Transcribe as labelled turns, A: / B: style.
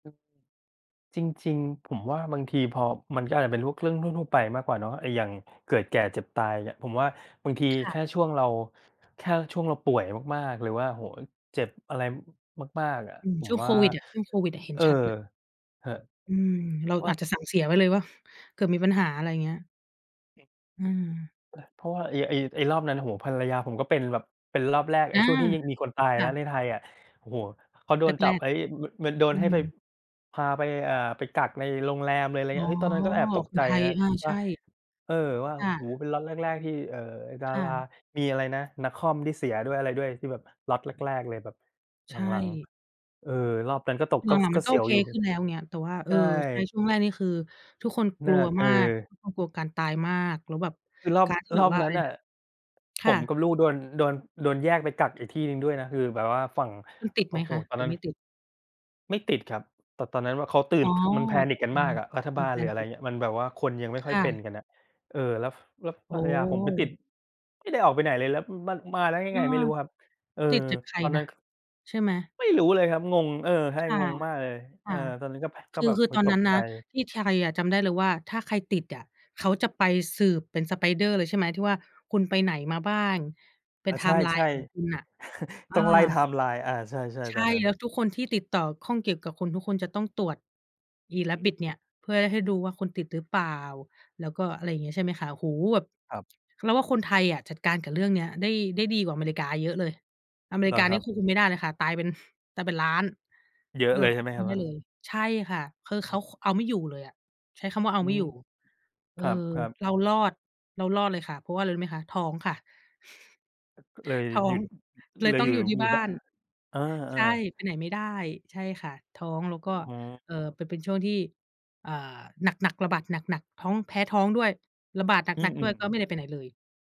A: จริง ๆ ผมว่าบางทีพอ มันก็อาจจะเป็นลูก เรื่องทั่ว ๆ ไปมากกว่าเนาะ ไอ้อย่างเกิดแก่เจ็บตาย อย่าเงี้ย ผมว่าบางที
B: ค่
A: แค
B: ะ
A: ่ช่วงเรา แค่ช่วงเราป่วยมาก ๆ หรือว่า โอ้โฮ เจ็บอะไร อ มาก ๆ อะ
B: อืม
A: ผ
B: ช
A: ม
B: ่วง
A: ว
B: โ
A: ่
B: ค
A: า
B: วิดอะ ช่วงโควิดอะเห็
A: เ
B: น
A: ออ
B: ชัด เลย
A: เหอะ
B: อืม เรา
A: ว่า
B: อาจจะสั่งเสียไว้เลยเปล่า เกิดมีปัญหา อะไรเงี้ย
A: อืม
B: อืม
A: อา เพราะว่าไอ้ ไอ้ ไอ้รอบนั้น โอ้โฮ ภรรยาผมก็เป็นแบบ เป็นรอบแรก ไอ
B: อ
A: ้
B: า
A: ช่วงที่ยังมีคนตาย
B: ค
A: แ
B: ่
A: ล้ว
B: ะ
A: ในไทยอะ โอ้โฮ เขาโด
B: แ
A: นจ
B: ร
A: ับ
B: ก
A: ไอ้ ม ม มันโด
B: ๆ อ
A: น
B: ื
A: ให้ไป
B: ม
A: พาไป เอ่อ ไปกักในโรงแรมเลย ไร
B: อ
A: เ
B: ๋
A: งี
B: อ
A: ้ย เฮ้ย ตอนนั้นก็แอบตก
B: ค
A: ใจ
B: นไทย
A: นะ
B: อา ใ
A: ว
B: ช
A: ่า
B: ่
A: เอ่อ ว่า
B: ค่
A: โอ้โ
B: ะ
A: ฮ เป็นล็อตแรก ๆ ที่ เอ่อ ด
B: ค
A: า
B: ่
A: รา
B: ะ
A: มีอะไรนะ น้าค่อมที่เสียด้วย อะไรด้วย ที่แบบล็อตแรก ๆ เลย แบบ
B: ใช
A: หลัง
B: ่
A: ๆ เออ รอบนั้นก็ตก
B: ห
A: ก็ ส
B: ลัง ๆ
A: ก
B: ม
A: ็
B: ันก
A: เ
B: ็
A: สี
B: โอ
A: ยว
B: เค
A: อยู่
B: ขึ้นแล้ว เงี้ย แต่ว่า เอ
A: ใช
B: อ
A: ่
B: ใช่ ช่วงแรกนี่คือทุกคน ก
A: น่
B: ล
A: า
B: ัว
A: เออ
B: มาก ทุกคนกลัวการตายมาก แล้วแบบ
A: คือรอบ
B: การที่แ
A: ร
B: บ
A: อ
B: บ
A: บ
B: ว่า อ
A: นั
B: ะ
A: ้
B: ไ
A: น
B: ร
A: น่
B: น
A: ะ
B: ะ ค
A: ผ
B: ่
A: มก
B: ะ
A: ับลูกโดน โดน โดนแยกไปกักอีกที่หนึ่งด้วยนะ คือแบบว่าฝั่ง
B: คุณ
A: อ
B: ติด
A: โอ
B: ไ
A: ้
B: หม
A: โฮ
B: คะ
A: ตอน
B: หรื
A: นั้
B: อ
A: น
B: ไม่ติด?
A: ไม่ติดครับ แต่ตอนนั้นว่าเขาตื่
B: อ๋
A: น
B: อ
A: ค มัน
B: แต
A: panic
B: ่
A: กั
B: เป
A: น
B: ็
A: ม
B: น
A: ากอะ รัฐ
B: เป
A: บ
B: ็น
A: าล
B: แฟ
A: หรื
B: น
A: ออะ
B: ต
A: ไร
B: ิด
A: เงี้ย มันแบบว่า คนยังไม่ค่
B: ค
A: อย
B: ่
A: เป็
B: ะ
A: นกันน่ะ เอ่อ แล้ว ฟ แล้ว
B: โอ
A: ภรรยาผมไปติด
B: ้
A: ไม่ได้ออกไปไหนเลย แล้ว อือ มา มาแล้วยัง
B: อ
A: ไ
B: า
A: งไม่รู้ครับ เออ
B: ติดจากใคร
A: ตอน
B: น
A: นั
B: ่
A: ้
B: ะ?
A: น ก
B: ใช่ไหม
A: ไม่รู้เลยครับ งง เออ ใช
B: ค
A: ่
B: ่ะ
A: งงมากเลย
B: ค
A: เออ
B: ่ะ
A: ตอนนั้นก็ พ ก
B: ค
A: ็
B: ื
A: แ
B: อ
A: บบ
B: คือ
A: โอ๊
B: ต
A: ย
B: อน
A: ต
B: นั้
A: ก
B: น
A: ใ
B: น
A: จ
B: ะ ที่ไทยอะจำได้เลยว่า ถ้าใครติดอะเขาจะไปสืบเป็น spider เลย ใช่ไหม ที่ว่าคุณไปไหนมาบ้าง เป็
A: อ
B: น
A: า
B: ไท
A: ใ
B: ม์ไล
A: ช
B: น
A: ่
B: ์ ของคุณ
A: ๆ
B: น่ะ อ
A: ต
B: า
A: ้องไล่ ไทม์ไลน์ อา ใช่
B: ใช
A: ๆ ตอน
B: ่
A: นั้น
B: แล้วทุกคนที่ติดต่อข้องเกี่ยวกับคนทุกคนจะต้องตรวจอี
A: อืม
B: Rapid เนี่ย เพื่อให้ดูว่าคุณติดหรือเปล่า แล้วก็ อะไรอย่างนี้ ใช่ไหมคะ โอ้โฮ แบบ
A: ครับ
B: เราว่าคนไทยอะจัดการกับเรื่องเนี้ยได้ ได้ดีกว่าอเมริกาเยอะเลย อเม
A: อ เห
B: ริ
A: ร
B: ก
A: อ
B: า
A: ค
B: เน
A: ร
B: ี
A: ั
B: ่ย
A: บ?
B: ควบคุมไม่ได้นะคะ ตายเป็น ตายเป็นล้าน
A: เยอ
B: เ
A: ะ
B: ออ
A: เลยใ
B: ค
A: ช
B: ว
A: ่ไ
B: บ
A: หม
B: คุม
A: ค
B: ไ
A: ร
B: ม
A: ับ
B: ่ได
A: น
B: ้
A: ั่น?
B: เลย ใช่ค่ะ คือเ
A: อื
B: ขา
A: อ
B: ค เอาไม่อยู่เลยอะ ใช้คำว่าเอา
A: อื
B: ไม่อ
A: ม
B: ยู่ เอ
A: ค
B: อ
A: รับ ๆ
B: เรารอด เรารอดเลยค่ะ เพราะว่าอะไรรู้ไหมคะ ท้องค่ะ
A: อ ก เลย
B: ท้อ
A: หยุ
B: ง
A: ด อ อ
B: เล
A: อ เ
B: ย
A: ล
B: ต
A: ย
B: ้อ
A: อ
B: ง
A: ยู่
B: อยู่ที่
A: อยู
B: บ
A: ่
B: ้า
A: บ
B: น
A: เออ
B: ใช่
A: ๆ
B: ไปไหนไม่ได้ ใช่ค่ะ ท้องแล้ว
A: อ
B: ก็
A: อ๋อ
B: เอ่อ เป็น เป็นช่วงที่ อ่า หนัก ๆ ระบาดหนัก ๆ ท้อง แพ้ท้องด้วย ระบาดห
A: อื
B: น
A: อ
B: ัก
A: อ
B: ๆ
A: ื
B: ด้วย
A: ม
B: ก็
A: ๆ
B: ไม่ได้ไปไหนเลย